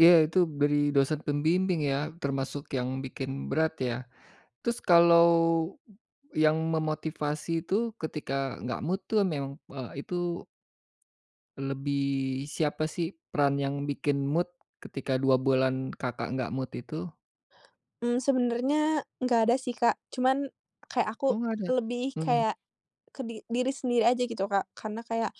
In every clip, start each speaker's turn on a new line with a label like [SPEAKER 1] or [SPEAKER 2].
[SPEAKER 1] Iya, itu beri dosen pembimbing ya, termasuk yang bikin berat ya, terus kalau yang memotivasi itu ketika enggak mood tu memang, eee, itu lebih siapa sih peran yang bikin mood ketika 2 bulan, Kakak enggak mood itu?
[SPEAKER 2] Mmm, sebenarnya enggak ada sih, Kak, cuman kayak
[SPEAKER 1] Oh,
[SPEAKER 2] aku
[SPEAKER 1] enggak ada,
[SPEAKER 2] lebih
[SPEAKER 1] mhm.
[SPEAKER 2] kayak, ke di diri sendiri aja gitu, Kak, karena kayak,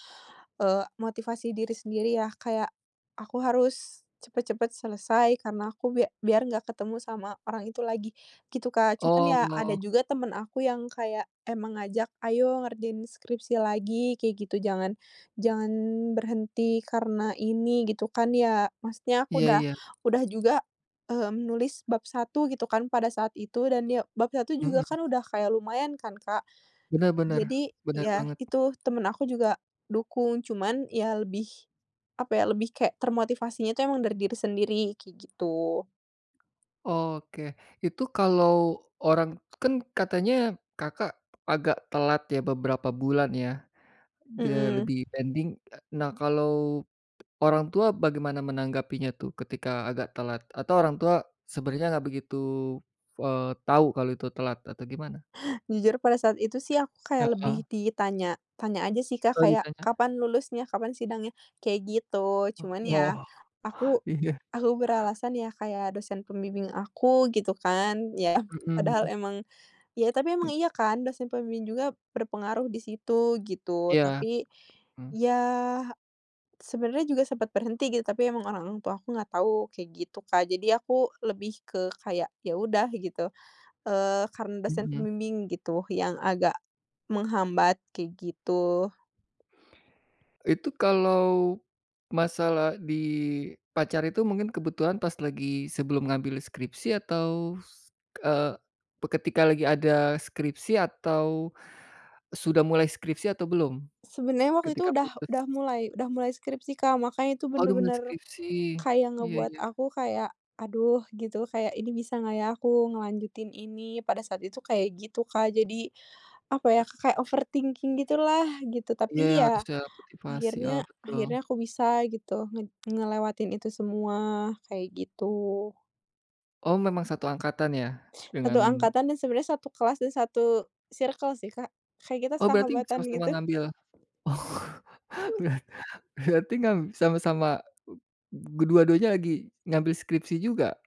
[SPEAKER 2] eee, motivasi diri sendiri ya, kayak aku harus cepet-cepet selesai karena aku bia biar enggak ketemu sama orang itu lagi, gitu Kak. Cuman ya, ada
[SPEAKER 1] Oh.
[SPEAKER 2] juga temen aku yang kayak emang ngajak, "Ayo ngerjain skripsi lagi," kayak gitu, "jangan jangan berhenti karena ini," gitu kan ya, maksudnya aku
[SPEAKER 1] Iya
[SPEAKER 2] udah
[SPEAKER 1] iya.
[SPEAKER 2] udah juga, eee, menulis bab 1 gitu kan pada saat itu dan ya bab 1 juga
[SPEAKER 1] Mhm.
[SPEAKER 2] kan udah kayak lumayan kan, Kak.
[SPEAKER 1] Benar benar,
[SPEAKER 2] Jadi,
[SPEAKER 1] benar
[SPEAKER 2] ya
[SPEAKER 1] banget.
[SPEAKER 2] itu temen aku juga dukung cuman ya lebih apa ya lebih kayak termotivasinya itu emang dari diri sendiri, kayak gitu.
[SPEAKER 1] Oke, itu kalau orang, kan katanya, Kakak agak telat ya, beberapa bulan ya, de
[SPEAKER 2] Mhm.
[SPEAKER 1] lebih pending. E nah kalau orang tua bagaimana menanggapinya tuh ketika agak telat atau orang tua sebenarnya enggak begitu, eee, tahu kalau itu telat atau gimana?
[SPEAKER 2] Jujur pada saat itu sih, aku kayak
[SPEAKER 1] Heeh.
[SPEAKER 2] lebih ditanya tanya aja sih, Kak,
[SPEAKER 1] Kalau
[SPEAKER 2] kayak,
[SPEAKER 1] ditanya.
[SPEAKER 2] "Kapan lulusnya? Kapan sidangnya?" Kayak gitu
[SPEAKER 1] Oh
[SPEAKER 2] cuman ya
[SPEAKER 1] oh,
[SPEAKER 2] aku
[SPEAKER 1] iya.
[SPEAKER 2] aku beralasan ya, kayak dosen pembimbing aku gitu kan, ya padahal
[SPEAKER 1] Mhm.
[SPEAKER 2] emang ya, tapi emang iya kan dosen pembimbing juga berpengaruh di situ gitu.
[SPEAKER 1] Iya.
[SPEAKER 2] Tapi,
[SPEAKER 1] Mhm.
[SPEAKER 2] ya, sebenarnya juga sempat berhenti gitu, tapi emang orang tua aku enggak tahu kayak gitu, Kak, jadi aku lebih ke kayak, ya udah gitu, eee, karena dosen
[SPEAKER 1] Mhm.
[SPEAKER 2] pembimbing gitu yang agak menghambat kayak gitu.
[SPEAKER 1] Itu kalau masalah di pacar itu mungkin kebetulan pas lagi sebelum ngambil skripsi atau, s eee, pe ketika lagi ada skripsi atau sudah mulai skripsi atau belum,
[SPEAKER 2] Sebenarnya waktu itu
[SPEAKER 1] ketika
[SPEAKER 2] udah udah
[SPEAKER 1] putus?
[SPEAKER 2] mulai udah mulai skripsi, Kak, makanya itu
[SPEAKER 1] Oh, sudah mulai
[SPEAKER 2] bener-bener
[SPEAKER 1] skripsi,
[SPEAKER 2] kayak
[SPEAKER 1] iya
[SPEAKER 2] ngebuat
[SPEAKER 1] iya.
[SPEAKER 2] aku kayak, aduh, gitu kayak ini bisa enggak ya aku ngelanjutin ini? Pada saat itu kayak gitu, Kak. Jadi, apa ya ka kayak overthinking gitulah gitu
[SPEAKER 1] Iya,
[SPEAKER 2] tapi
[SPEAKER 1] harus
[SPEAKER 2] ya
[SPEAKER 1] ada motivasi, oh,
[SPEAKER 2] akhirnya
[SPEAKER 1] betul.
[SPEAKER 2] akhirnya aku bisa gitu, nge ngelewatin itu semua kayak gitu.
[SPEAKER 1] Oh, memang satu angkatan ya
[SPEAKER 2] 1
[SPEAKER 1] dengan
[SPEAKER 2] angkatan dan sebenarnya 1 kelas dan 1 circle sih, Kak, kayak kita
[SPEAKER 1] Oh, berarti
[SPEAKER 2] sahabatan
[SPEAKER 1] sama-sama
[SPEAKER 2] gitu.
[SPEAKER 1] ngambil oh, berar berarti ngamb sama-sama dua-duanya lagi ngambil skripsi juga?